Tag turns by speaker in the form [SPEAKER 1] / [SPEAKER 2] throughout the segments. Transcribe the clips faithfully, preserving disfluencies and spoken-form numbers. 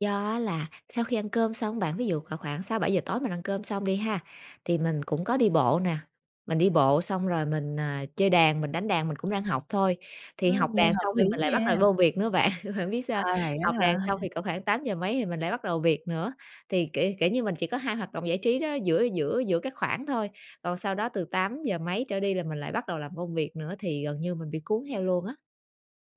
[SPEAKER 1] Do á, là sau khi ăn cơm xong á bạn, ví dụ khoảng khoảng sáu bảy giờ tối, mình ăn cơm xong đi ha, thì mình cũng có đi bộ nè. Mình đi bộ xong rồi mình, à, chơi đàn, mình đánh đàn, mình cũng đang học thôi. Thì
[SPEAKER 2] Ừm,
[SPEAKER 1] học
[SPEAKER 2] nghe
[SPEAKER 1] đàn
[SPEAKER 2] hợp
[SPEAKER 1] xong
[SPEAKER 2] lý
[SPEAKER 1] thì mình lại
[SPEAKER 2] nha.
[SPEAKER 1] bắt đầu vô việc nữa bạn, bạn biết sao hông?
[SPEAKER 2] À, vậy á
[SPEAKER 1] Học
[SPEAKER 2] hả?
[SPEAKER 1] đàn xong thì cỡ khoảng tám giờ mấy thì mình lại bắt đầu việc nữa, thì, kiểu kiểu như, mình chỉ có hai hoạt động giải trí đó, giữa giữa giữa các khoảng thôi. Còn sau đó, từ tám giờ mấy trở đi, là mình lại bắt đầu làm công việc nữa, thì gần như mình bị cuốn theo luôn á.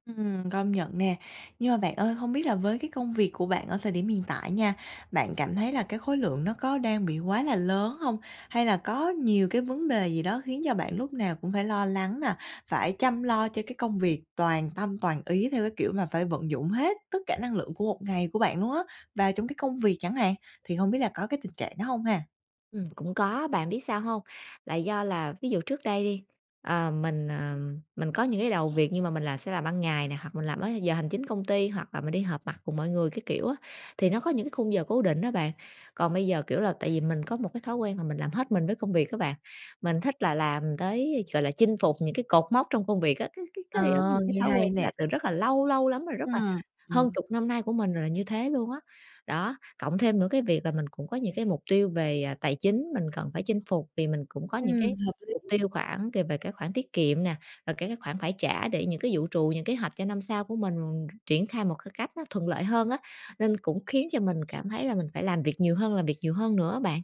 [SPEAKER 2] Ừm, công nhận nè. Nhưng mà bạn ơi, hông biết là với cái công việc của bạn ở thời điểm hiện tại nha, bạn cảm thấy là cái khối lượng nó có đang bị quá là lớn hông? Hay là có nhiều cái vấn đề gì đó khiến cho bạn lúc nào cũng phải lo lắng nè, phải chăm lo cho cái công việc toàn tâm toàn ý, theo cái kiểu mà phải vận dụng hết tất cả năng lượng của một ngày của bạn luôn á và trong cái công việc chẳng hạn, thì hông biết là có cái tình trạng đó hông ha?
[SPEAKER 1] Ừm, cũng có á, bạn biết sao hông? Là do là, ví dụ, trước đây đi, ờ, mình, ờ, mình có những cái đầu việc, nhưng mà mình là sẽ làm ban ngày nè, hoặc là mình làm ở giờ hành chính công ty, hoặc là mình đi họp mặt cùng mọi người các kiểu á, thì nó có những cái khung giờ cố định á bạn. Còn bây giờ, kiểu là, tại vì mình có một cái thói quen mà mình làm hết mình với công việc á bạn, mình thích là làm tới, a, gọi là, chinh phục những cái cột mốc trong công việc á. Cái cái cái, giống như
[SPEAKER 2] Ờ,
[SPEAKER 1] là, cái
[SPEAKER 2] nghe
[SPEAKER 1] thói
[SPEAKER 2] hay
[SPEAKER 1] quen đó là
[SPEAKER 2] nè.
[SPEAKER 1] từ rất là lâu, lâu lắm rồi, rất là
[SPEAKER 2] Ừm, ừm.
[SPEAKER 1] hơn chục năm nay của mình là như thế luôn á, đó. Cộng thêm nững cái việc là mình cũng có những cái mục tiêu về, ờ, tài chính mình cần phải chinh phục, vì mình cũng có những cái
[SPEAKER 2] Ừm, hợp
[SPEAKER 1] mục
[SPEAKER 2] lý.
[SPEAKER 1] tiêu khoảng c về cái khoản tiết kiệm nè, rồi, kiểu, các khoản phải trả để những cái dự trù những kế hoạch cho năm sau của mình triển khai một cái cách nó thuận lợi hơn á, nên cũng khiến cho mình cảm thấy là mình phải làm việc nhiều hơn, làm việc nhiều hơn nữa á bạn.